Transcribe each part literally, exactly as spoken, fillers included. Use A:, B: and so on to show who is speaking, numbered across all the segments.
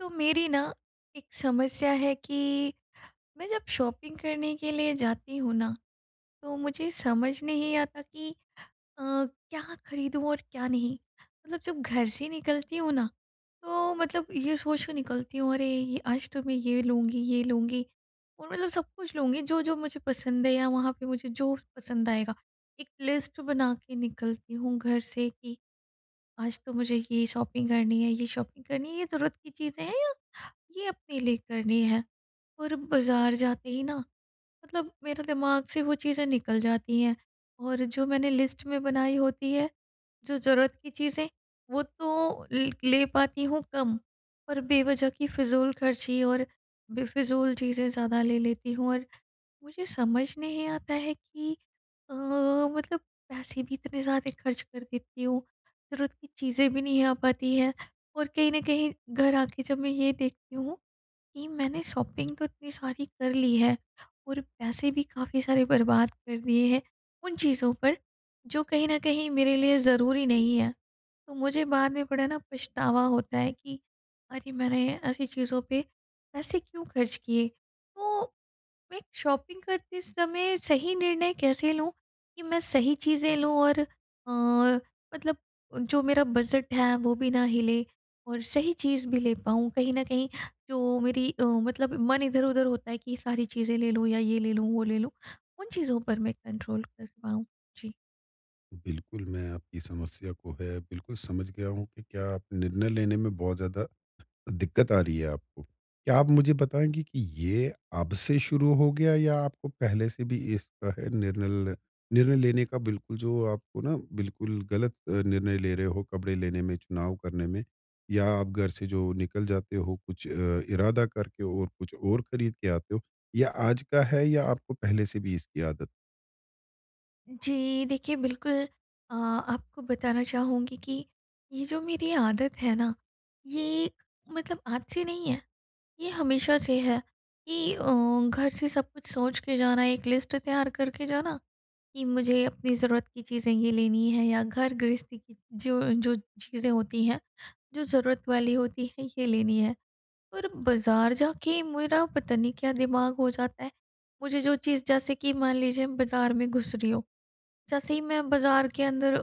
A: तो मेरी ना, एक समस्या है कि, मैं जब शॉपिंग करने के लिए जाती हूँ ना, तो मुझे समझ नहीं आता कि अ, क्या खरीदूँ और क्या नहीं? मतलब जब घर से निकलती हूँ ना, तो मतलब ये सोच के निकलती हूँ, अरे ये आज तो मैं ये लूँगी, ये लूँगी और मतलब सब कुछ लूँगी, जो-जो मुझे पसंद है या वहाँ पे मुझे जो पसंद आएगा। एक लिस्ट बना के निकलती हूँ घर से कि आज तो मुझे ये शॉपिंग करनी है ये शॉपिंग करनी है ये ज़रूरत की चीज़ें हैं या, ये अपने लिए करनी है और बाज़ार जाते ही ना, मतलब मेरे दिमाग से वो चीज़ें निकल जाती हैं और जो मैंने लिस्ट में बनाई होती है, जो ज़रूरत की चीज़ें, वो तो लि ले पाती हूँ कम और बेवज़ह की फ़िज़ूल ख़र्ची और बेफ़िज़ूल चीज़ें ज़्यादा ले लेती हूँ और मुझे समझ नहीं आता है कि अ, मतलब पैसे भी इतने ज़्यादा ख़र्च कर देती हूँ, ज़रूरत की चीज़ें भी नहीं आ पाती हैं और कहीं न कहीं, घर आ के जब मैं ये देखती हूँ, कि मैंने शॉपिंग तो इतनी सारी कर ली है और पैसे भी काफ़ी सारे बर्बाद कर दिए हैं, उन चीज़ों पर, जो कहीं न कहीं मेरे लिए ज़रूरी नहीं हैं। तो मुझे बाद में बड़ा ना पछतावा होता है कि, अरे मैंने ऐसी चीज़ों पे, पैसे क्यों ख़र्च किए। तो मैं एक शॉपिंग करते समय सही निर्णय कैसे लूँ, कि मैं सही चीज़ें लूँ और अ, मतलब जो मेरा बजट है, वो भी ना हिले और सही चीज़ भी ले पाऊँ, कहीं न कहीं जो मेरी अ, मतलब मन इधर-उधर होता है, कि ये सारी चीज़ें ले लूँ, या ये ले लूँ, वो ले लूँ, उन चीज़ों पर मैं कंट्रोल कर पाऊँ? जी।
B: बिल्कुल, मैं आपकी समस्या को है बिल्कुल समझ गया हूँ कि क्या आप निर्णय लेने में बहुत ज़्यादा, दिक्कत आ रही है आपको। क्या आप मुझे बताएँगे कि ये अब से शुरू हो गया या आपको पहले से भी इसका है निर्णय ल निर्णय लेने का बिल्कुल जो आपको ना बिल्कुल गलत अ, निर्णय ले रहे हो कपड़े लेने में चुनाव करने में? या आप घर से जो निकल जाते हो कुछ अ, इरादा करके और कुछ और खरीद के आते हो? या आज का है या आपको पहले से भी इसकी आदत
A: जी। देखिए बिल्कुल, अ, आपको बताना चाहूँगी कि ये जो मेरी आदत है ना, ये मतलब आज से नहीं है। ये हमेशा से है, कि अ, घर से सब कुछ सोच के जाना एक लिस्ट तैयार करके जाना कि मुझे अपनी ज़रूरत की चीज़ें ये लेनी है या घर-गृहस्ती की जो जो चीज़ें होती हैं, जो ज़रूरत वाली होती है ये लेनी है। पर बाज़ार जाके मेरा पता नहीं क्या दिमाग हो जाता है, मुझे जो चीज़ जैसे कि मान लीजिए बाज़ार में घुस रही हूँ, जैसे ही मैं बाज़ार के अंदर अ,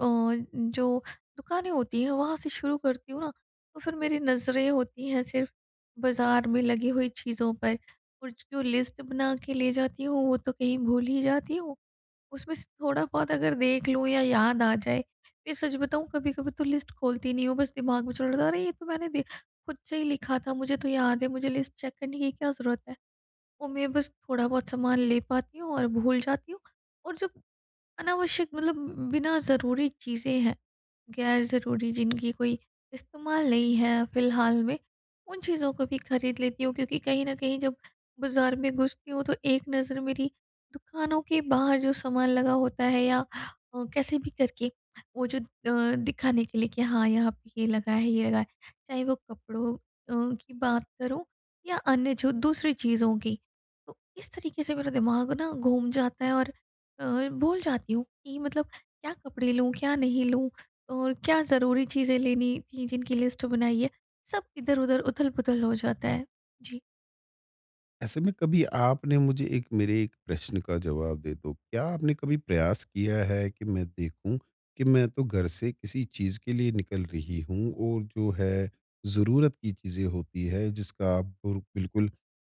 A: जो दुकानें होती हैं वहाँ से शुरू करती हूँ ना, तो फिर मेरी नज़रें होती हैं सिर्फ़ बाज़ार में लगी हुई चीज़ों पर और जो लिस्ट बना के ले जाती हूँ वो तो कहीं भूल ही जाती हूँ। उसमें से थोड़ा-बहुत अगर देख लूँ या याद आ जाए, या सच बताऊँ कभी-कभी तो लिस्ट खोलती नहीं हूँ बस दिमाग में चल रहा था अरे ये तो मैंने दे खुद से ही लिखा था मुझे तो याद है। मुझे लिस्ट चेक करने की क्या ज़रूरत है? और मैं बस थोड़ा-बहुत सामान ले पाती हूँ और भूल जाती हूँ और जब अनावश्यक मतलब बिना ज़रूरी चीज़ें हैं, ग़ैर-ज़रूरी जिनकी कोई इस्तेमाल नहीं है फिलहाल में, उन चीज़ों को भी खरीद लेती हूँ क्योंकि कहीं न कहीं जब बाज़ार में घुसती हूँ तो एक नज़र मेरी दुकानों के बाहर जो सामान लगा होता है या अ, कैसे भी करके, वो जो अ, दिखाने के लिए कि हाँ, यहाँ पे ये लगा है ये लगा है, चाहे वो कपड़ों अ, की बात करो या अन्य जो दूसरी चीज़ों की। तो इस तरीके से मेरा दिमाग ना घूम जाता है और अ, भूल जाती हूँ, कि मतलब क्या कपड़े लूँ? क्या नहीं लूँ? और क्या ज़रूरी चीज़ें लेनी थी जिनकी लिस्ट बनाई है। सब इधर-उधर उथल-पुथल हो जाता है। जी।
B: ऐसे में कभी आपने मुझे एक मेरे एक प्रश्न का जवाब दे दो। क्या आपने कभी प्रयास किया है कि मैं देखूँ, कि मैं तो घर से किसी चीज़ के लिए निकल रही हूँ और जो है ज़रूरत की चीज़ें होती है जिसका आपको बिल्कुल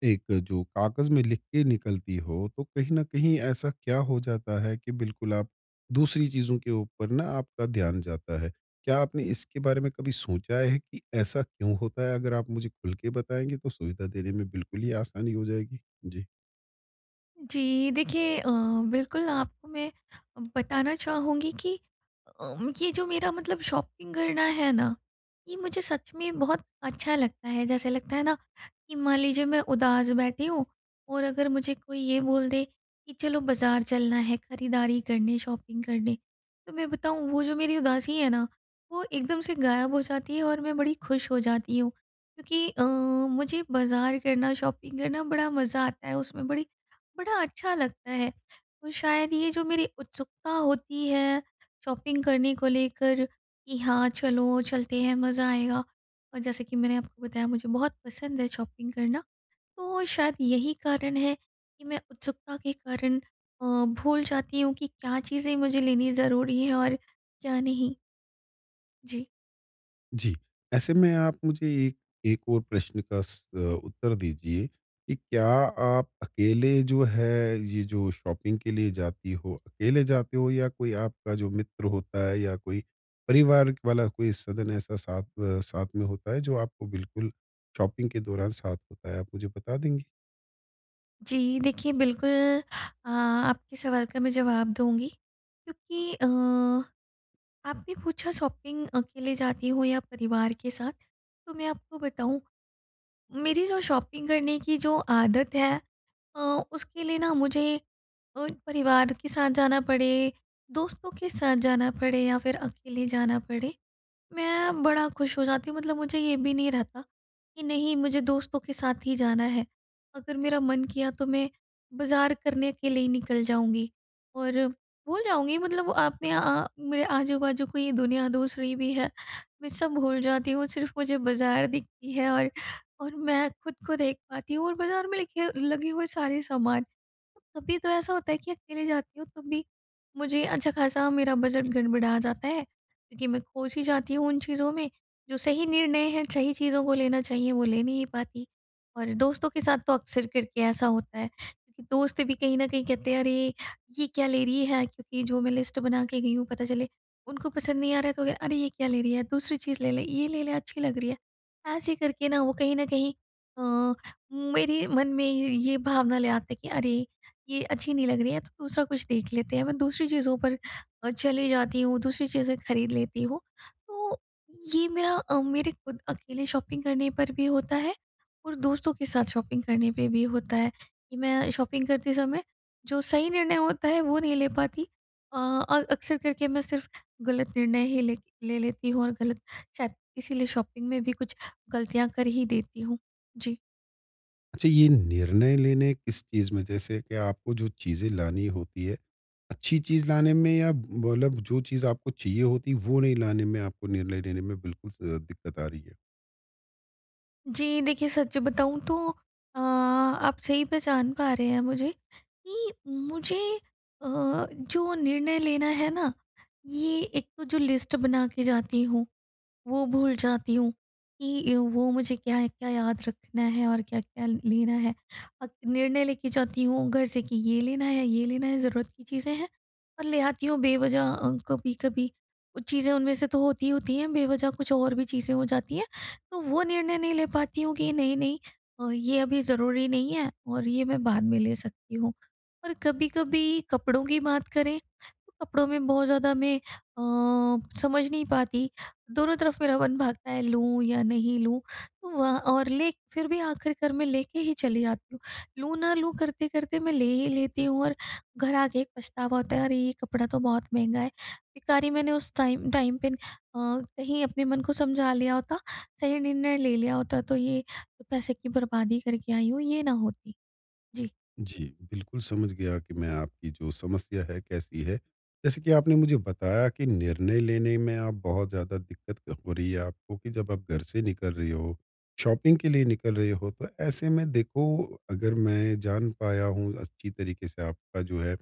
B: एक जो कागज में लिख के निकलती हो, तो कहीं न कहीं, ऐसा क्या हो जाता है कि बिल्कुल आप, दूसरी चीज़ों के ऊपर ना आपका ध्यान जाता है? क्या आपने इसके बारे में कभी सोचा है, कि ऐसा क्यों होता है? अगर आप मुझे खुल के बताएंगे तो सुविधा देने में बिल्कुल ही आसानी हो जाएगी। जी।
A: जी, देखिए अ, बिल्कुल आपको मैं बताना चाहूँगी कि अ, ये जो मेरा मतलब शॉपिंग करना है ना? ये मुझे सच में बहुत अच्छा लगता है जैसे लगता है ना, कि मान लीजिए मैं उदास बैठी हूँ और अगर मुझे कोई ये बोल दे, कि चलो बाज़ार चलना है खरीदारी करने शॉपिंग करने, तो मैं बताऊँ वो जो मेरी उदासी है ना? वो एकदम से गायब हो जाती है और मैं बड़ी खुश हो जाती हूँ, क्योंकि अ, मुझे बाज़ार करना शॉपिंग करना बड़ा मज़ा आता है उसमें बड़ी बड़ा अच्छा लगता है। और शायद ये जो मेरी उत्सुकता होती है शॉपिंग करने को लेकर, कि हाँ चलो चलते हैं, मज़ा आएगा। और जैसे कि मैंने आपको बताया मुझे बहुत पसंद है शॉपिंग करना, तो शायद यही कारण है कि मैं उत्सुकता के कारण अ, भूल जाती हूँ कि क्या चीज़ें मुझे लेनी ज़रूरी हैं और क्या नहीं? जी।
B: जी। ऐसे में आप मुझे ए एक और प्रश्न का स अ, उत्तर दीजिए, कि क्या आप अकेले जो है, ये जो शॉपिंग के लिए जाती हो, अकेले जाते हो या कोई आपका जो मित्र होता है या कोई परिवार वाला कोई सदन ऐसा साथ अ, साथ में होता है, जो आपको बिल्कुल शॉपिंग के दौरान साथ होता है, आप मुझे बता देंगी?
A: जी देखिए बिल्कुल अ, आपके सवाल का मैं जवाब दूँगी, क्योंकि अ, आपने पूछा शॉपिंग अकेले जाती हो या परिवार के साथ। तो मैं आपको बताऊँ, मेरी जो शॉपिंग करने की जो आदत है अ, उसके लिए ना मुझे अ, परिवार के साथ जाना पड़े, दोस्तों के साथ जाना पड़े या फिर अकेले जाना पड़े। मैं बड़ा खुश हो जाती हूँ, मतलब मुझे ये भी नहीं रहता कि नहीं, मुझे दोस्तों के साथ ही जाना है। अगर मेरा मन किया तो मैं, बाज़ार करने के लिए ही निकल जाऊँगी और भूल जाऊँगी मतलब आपने अ, मेरे आजू-बाजू कोई दुनिया दूसरी भी है। मैं सब भूल जाती हूँ सिर्फ मुझे बाज़ार दिखती है और और मैं खुद को देख पाती हूँ और बाज़ार में लिखे लगे हुए सारे सामान। कभी तो ऐसा होता है कि अकेले जाती हूँ, तब भी मुझे अच्छा खासा मेरा बजट गड़बड़ा जाता है, क्योंकि मैं खो सी जाती हूँ उन चीज़ों में। जो सही निर्णय है, सही चीज़ों को लेना चाहिए, वो ले नहीं पाती और दोस्तों के साथ तो अक्सर करके ऐसा होता है, कि दोस्त भी कहीं न कहीं कहते हैं, "अरे ये क्या ले रही है", क्योंकि जो मैं लिस्ट बना के गई हूँ पता चले, उनको पसंद नहीं आ रहा है, तो कह "अरे ये क्या ले रही है, दूसरी चीज़ ले ले। ये, ले ले अच्छी लग रही है।" ऐसे करके ना वो कहीं न कहीं अ, मेरे मन में ये भावना ले आते हैं कि, अरे ये अच्छी नहीं लग रही है, तो दूसरा कुछ देख लेते हैं। मैं दूसरी चीज़ों पर अ, चले जाती हूँ, दूसरी चीज़ें खरीद लेती हूँ। तो ये मेरा अ, मेरे खुद अकेले शॉपिंग करने पर भी होता है और दोस्तों के साथ शॉपिंग करने पे भी होता है, कि मैं शॉपिंग करते समय, जो सही निर्णय होता है वो नहीं ले पाती। अ, और अक्सर करके मैं सिर्फ गलत निर्णय ही ले ले, लेती हूँ और गलत शायद, इसीलिए शॉपिंग में भी कुछ गलतियाँ कर ही देती हूँ, जी।
B: अच्छा ये निर्णय लेने किस चीज़ में जैसे कि आपको जो चीज़ें लानी होती है, अच्छी चीज़ लाने में या मतलब जो चीज़ आपको चाहिए होती है वो नहीं लाने में आपको निर्णय लेने में बिल्कुल अ, दिक्कत आ रही है।
A: जी, देखिए सच बताऊँ तो अ, आप सही पहचान पा रहे हैं मुझे कि मुझे अ, जो निर्णय लेना है ना? ये एक तो जो लिस्ट बना के जाती हूँ, वो भूल जाती हूँ। कि अ, वो मुझे क्या-क्या याद रखना है और क्या-क्या लेना है? और निर्णय लेके जाती हूँ घर से कि ये लेना है, ये लेना है ज़रूरत की चीज़ें हैं, और ले आती हूँ बेवजह अ, कभी-कभी कुछ चीज़ें उनमें से तो होती ही होती हैं बेवजह कुछ और भी चीज़ें हो जाती हैं, तो वो निर्णय नहीं ले पाती हूँ कि नहीं-नहीं अ, ये अभी ज़रूरी नहीं है और ये मैं बाद में ले सकती हूँ। और कभी-कभी कपड़ों की बात करें, तो कपड़ों में बहुत ज़्यादा मैं अ, समझ नहीं पाती, दोनों तरफ़ मेरा मन भागता है लूँ या नहीं लूँ? तो वहाँ और ले फ़िर भी आखिर कर मैं लेके ही चली जाती हूँ। लूँ ना लूँ करते-करते मैं ले ही लेती हूँ और घर आके एक पछतावा होता है अरे ये कपड़ा तो बहुत महँगा है। बेकार ही मैंने उस टाइम टाइम पे अ, कहीं अपने मन को समझा लिया होता। सही निर्णय ले लिया होता तो ये पैसे की बर्बादी करके आई हूँ ये ना होती। जी।
B: जी, बिल्कुल, समझ गया कि मैं आपकी जो समस्या है कैसी है, जैसे कि आपने मुझे बताया कि निर्णय लेने में आप बहुत ज़्यादा दिक्कत क हो रही है आपको कि जब आप घर से निकल रहे हो, शॉपिंग के लिए निकल रहे हो तो ऐसे में देखो अगर मैं जान पाया हूँ अच्छी तरीके से आपका जो है,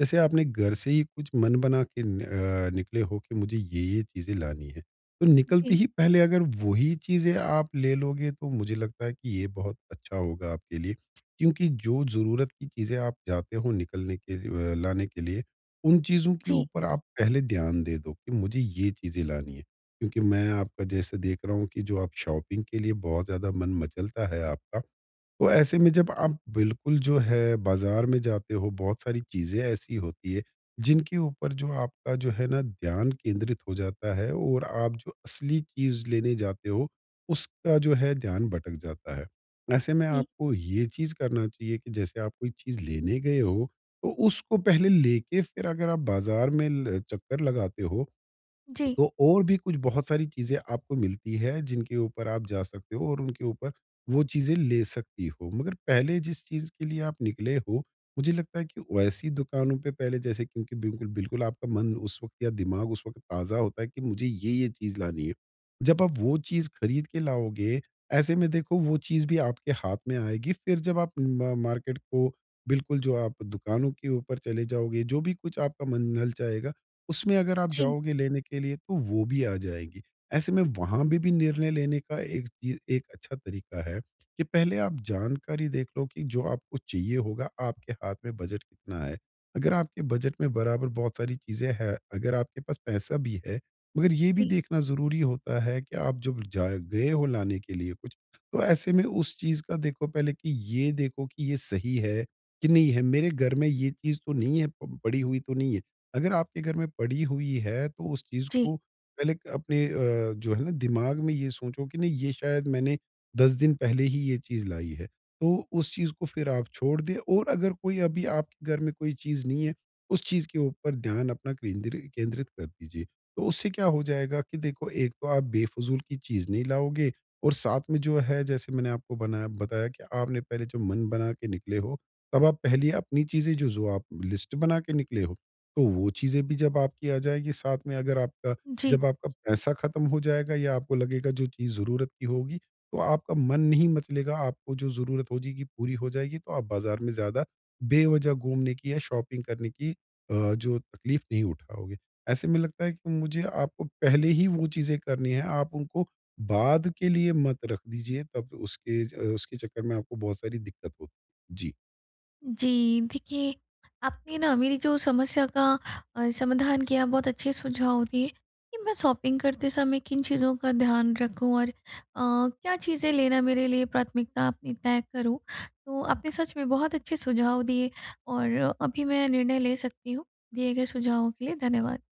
B: जैसे आपने घर से ही कुछ मन बना के अ, निकले हो कि मुझे ये-ये चीज़ें लानी है। तो निकलते
A: जी।
B: ही पहले अगर वो ही चीज़ें आप ले लोगे तो मुझे लगता है कि ये बहुत अच्छा होगा आपके लिए। क्योंकि जो ज़रूरत की चीज़ें आप जाते हो निकलने के लिए अ, लाने के लिए, उन चीज़ों के
A: जी।
B: ऊपर आप पहले ध्यान दे दो कि मुझे ये चीज़ें लानी है। क्योंकि मैं आपका जैसे देख रहा हूँ कि जो आप शॉपिंग के लिए बहुत ज़्यादा मन मचलता है आपका। तो ऐसे में जब आप बिल्कुल जो है बाज़ार में जाते हो बहुत सारी चीज़ें ऐसी होती हैं, जिनके ऊपर जो आपका जो है ना ध्यान केंद्रित हो जाता है और आप जो असली चीज़ लेने जाते हो, उसका जो है ध्यान भटक जाता है। ऐसे में
A: जी।
B: आपको ये चीज़ करना चाहिए कि जैसे आप कोई चीज़ लेने गए हो, तो उसको पहले लेके फिर अगर आप बाज़ार में ल चक्कर लगाते हो,
A: जी।
B: तो और भी कुछ बहुत सारी चीज़ें आपको मिलती हैं जिनके ऊपर आप जा सकते हो और उनके ऊपर वो चीज़ें ले सकती हो, मगर पहले जिस चीज़ के लिए आप निकले हो मुझे लगता है कि वैसी दुकानों पे पहले जैसे क्योंकि बिल्कुल बिल्कुल आपका मन उस वक़्त या दिमाग उस वक़्त ताज़ा होता है कि मुझे ये-ये चीज़ लानी है। जब आप वो चीज़ खरीद के लाओगे, ऐसे में देखो वो चीज़ भी आपके हाथ में आएगी, फिर जब आप म मार्केट को बिल्कुल जो आप दुकानों के ऊपर चले जाओगे जो भी कुछ आपका मन ललचाएगा, उसमें अगर आप
A: जी।
B: जाओगे लेने के लिए तो वो भी आ जाएगी। ऐसे में वहाँ पे भी निर्णय लेने का एक चीज़ एक अच्छा तरीका है कि पहले आप जानकारी देख लो कि जो आपको चाहिए होगा आपके हाथ में बजट कितना है? अगर आपके बजट में बराबर बहुत सारी चीज़ें हैं, अगर आपके पास पैसा भी है, मगर ये भी
A: जी।
B: देखना ज़रूरी होता है कि आप जब जाए गए हो लाने के लिए कुछ, तो ऐसे में उस चीज़ का देखो पहले कि ये देखो कि ये सही है कि नहीं है? मेरे घर में ये चीज़ तो नहीं है प पड़ी हुई तो नहीं है। अगर आपके घर में पड़ी हुई है तो उस चीज़
A: जी।
B: को पहले क अपने अ, जो है ना दिमाग में ये सोचो कि नहीं ये शायद मैंने दस दिन पहले ही ये चीज़ लाई है। तो उस चीज़ को फिर आप छोड़ दें और अगर कोई अभी आपके घर में कोई चीज़ नहीं है, उस चीज़ के ऊपर ध्यान अपना केंद्रि केंद्रित कर दीजिए। तो उससे क्या हो जाएगा कि देखो एक तो आप बेफ़जूल की चीज नहीं लाओगे और साथ में जो है जैसे मैंने आपको बनाया बताया कि आपने पहले जो मन बना के निकले हो तब आप पहले अपनी चीजें जो-जो आप लिस्ट बना के निकले हो। तो वो चीज़ें भी जब आपकी आ जाएगी साथ में अगर आपका,
A: जी।
B: जब आपका पैसा ख़त्म हो जाएगा या आपको लगेगा जो चीज़ ज़रूरत की होगी तो आपका मन नहीं मचलेगा आपको जो ज़रूरत हो जाएगी, पूरी हो जाएगी तो आप बाज़ार में ज़्यादा बेवजह घूमने की या शॉपिंग करने की अ, जो तकलीफ़ नहीं उठाओगे। ऐसे में लगता है कि मुझे आपको पहले ही वो चीज़ें करनी है, आप उनको बाद के लिए मत रख दीजिए तब उसके अ, उसके चक्कर में आपको बहुत सारी दिक्कत होती है। जी।
A: जी, देखिए आपने ना मेरी जो समस्या का अ, समाधान किया बहुत अच्छे सुझाव दिए, कि मैं शॉपिंग करते समय किन चीज़ों का ध्यान रखूँ और अ, क्या चीज़ें लेना मेरे लिए प्राथमिकता अपनी तय करूँ। तो आपने सच में बहुत अच्छे सुझाव दिए और अभी मैं निर्णय ले सकती हूँ, दिए गए सुझावों के लिए धन्यवाद।